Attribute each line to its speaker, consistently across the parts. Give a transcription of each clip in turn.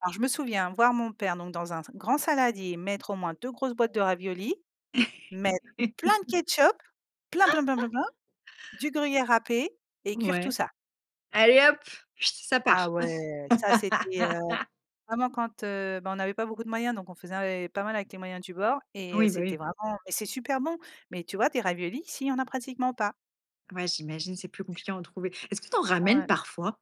Speaker 1: Alors je me souviens voir mon père donc dans un z grand saladier, mettre au moins 2 grosses boîtes de raviolis, mettre plein de ketchup, plein plein plein plein plein, du gruyère râpé et cuire tout
Speaker 2: Ouais.
Speaker 1: ça.
Speaker 2: Allez hop, ça
Speaker 1: Ah
Speaker 2: part.
Speaker 1: ouais, ça c'était, heu, vraiment quand ben, on avait pas beaucoup de moyens, donc on faisait ave pas mal avec les moyens du bord et heu,
Speaker 2: Oui, bah
Speaker 1: c'était
Speaker 2: oui.
Speaker 1: vraiment mais c'est super bon, mais tu vois? Des raviolis, ici il y en a pratiquement pas.
Speaker 2: Ouais, j'imagine, c'est plus compliqué à en trouver est-ce que tu en ramènes
Speaker 1: Ouais.
Speaker 2: parfois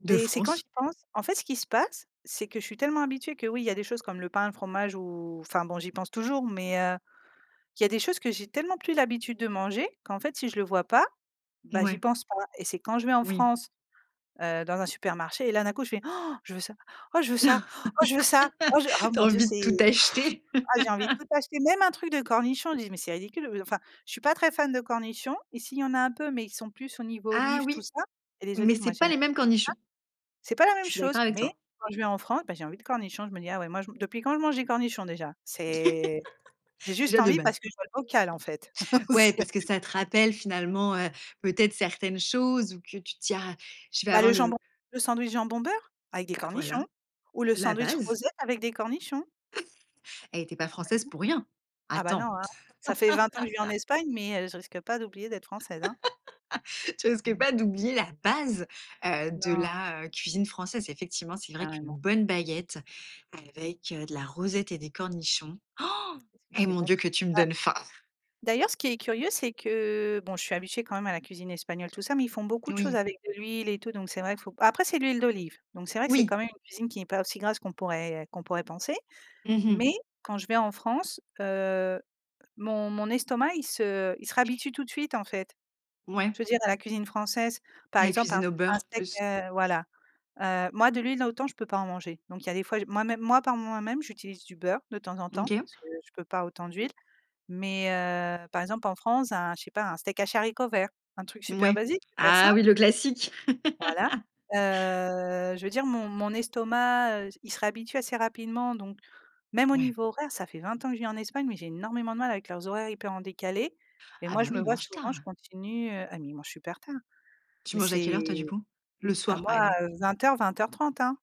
Speaker 2: de
Speaker 1: Mais c'est quand
Speaker 2: France?
Speaker 1: j'y pense, en fait ce qui se passe, c'est que je suis tellement habituée que oui il y a des choses comme le pain, le fromage ou enfin bon j'y pense toujours, mais heu, il y a des choses que j'ai tellement plus l'habitude de manger qu'en fait, si je le vois pas, bah, j'y
Speaker 2: Ouais.
Speaker 1: pense pas et c'est quand je vais en
Speaker 2: Oui.
Speaker 1: France, heu, dans un supermarché et là d'un coup je fais: «je veux ça, oh je veux ça, oh je veux ça, oh je oh
Speaker 2: Tu as
Speaker 1: mon Dieu
Speaker 2: envie de
Speaker 1: c'est».
Speaker 2: tout acheter.
Speaker 1: Ah, j'ai envie de tout acheter même un truc de cornichons, je dis: «Mais c'est ridicule», heu, enfin je suis pas très fan de cornichons. Ici, il y en a un peu, mais ils sont plus au niveau
Speaker 2: Ah
Speaker 1: olive, tout
Speaker 2: oui,
Speaker 1: ça et les
Speaker 2: mais
Speaker 1: olives, moi,
Speaker 2: c'est
Speaker 1: j'ai
Speaker 2: pas
Speaker 1: j'aime
Speaker 2: les
Speaker 1: pas ça.
Speaker 2: mêmes cornichons.
Speaker 1: C'est pas la même
Speaker 2: Je suis
Speaker 1: chose,
Speaker 2: d'accord avec
Speaker 1: mais
Speaker 2: toi.
Speaker 1: quand je vais en France, bah j'ai envie de cornichons. Je me dis: «Ah ouais, moi, je man depuis quand je mange des cornichons déjà?». C'est j'ai juste
Speaker 2: Déjà de
Speaker 1: envie
Speaker 2: base.
Speaker 1: parce que je vois le bocal en fait.
Speaker 2: Ouais, parce que
Speaker 1: C'est
Speaker 2: ça te rappelle finalement, heu, peut-être certaines choses ou que tu tiens, je vais
Speaker 1: Bah, le
Speaker 2: avoir
Speaker 1: jambon,
Speaker 2: le
Speaker 1: le sandwich jambon beurre avec des
Speaker 2: Bah voilà,
Speaker 1: cornichons ou le
Speaker 2: la
Speaker 1: sandwich
Speaker 2: base.
Speaker 1: rosette avec des cornichons.
Speaker 2: Hé, tu es pas
Speaker 1: Bah ouais.
Speaker 2: française pour rien.
Speaker 1: Ah bah
Speaker 2: Attends.
Speaker 1: non, hein, ça fait 20 ans que je vis en Espagne, mais heu, je risque pas d'oublier d'être française, hein.
Speaker 2: Tu risques
Speaker 1: Mmh.
Speaker 2: pas d'oublier la base, heu, de
Speaker 1: Non.
Speaker 2: la, heu, cuisine française. Effectivement, c'est vrai qu'une
Speaker 1: Carrément.
Speaker 2: bonne baguette avec, heu, de la rosette et des cornichons.
Speaker 1: Qu'est ce que
Speaker 2: et
Speaker 1: c'est
Speaker 2: mon
Speaker 1: bon
Speaker 2: Dieu que tu me
Speaker 1: a
Speaker 2: donnes faim.
Speaker 1: d'ailleurs ce qui est curieux c'est que bon je suis habituée quand même à la cuisine espagnole tout ça, mais ils font beaucoup de choses
Speaker 2: Oui.
Speaker 1: avec de l'huile et tout donc c'est vrai faut après c'est l'huile d'olive donc c'est vrai que c'est
Speaker 2: Oui.
Speaker 1: quand même une cuisine qui n'est pas aussi grasse qu'on pourrait qu'on pourrait penser
Speaker 2: Mmh mh.
Speaker 1: mais quand je vais en France, heu, mon mon estomac il se il se réhabitue tout de suite, en fait.
Speaker 2: Ouais.
Speaker 1: Je veux dire dans la cuisine française, par
Speaker 2: La
Speaker 1: exemple, un
Speaker 2: cuisine au
Speaker 1: un
Speaker 2: beurre
Speaker 1: steak,
Speaker 2: plus.
Speaker 1: heu, voilà, heu, moi de l'huile autant je peux pas en manger donc il y a des fois j'ai moi-même, moi par moi-même j'utilise du beurre de temps en
Speaker 2: Mmh,
Speaker 1: temps
Speaker 2: OK.
Speaker 1: parce que je peux pas autant d'huile mais heu, par exemple, en France, un, je sais pas, un steak haché haricots verts, un truc super
Speaker 2: Ouais,
Speaker 1: basique, super
Speaker 2: ah
Speaker 1: simple.
Speaker 2: oui le classique.
Speaker 1: Voilà, heu, je veux dire mon mon estomac, heu, il se réhabitue assez rapidement, donc même au
Speaker 2: Ouais.
Speaker 1: niveau horaire, ça fait 20 ans que je vis en Espagne, mais j'ai énormément de mal avec leurs horaires hyper en décalés et
Speaker 2: Ah,
Speaker 1: moi,
Speaker 2: bah,
Speaker 1: je
Speaker 2: oui,
Speaker 1: me
Speaker 2: ils
Speaker 1: vois
Speaker 2: mangent
Speaker 1: souvent,
Speaker 2: tard.
Speaker 1: je continue, heu ah mais ils mangent super tard,
Speaker 2: Tu
Speaker 1: mais
Speaker 2: manges à quelle
Speaker 1: c'est
Speaker 2: heure, toi, du coup? Le
Speaker 1: ah
Speaker 2: soir,
Speaker 1: moi,
Speaker 2: par exemple?
Speaker 1: heu, 20:00-20:30, hein.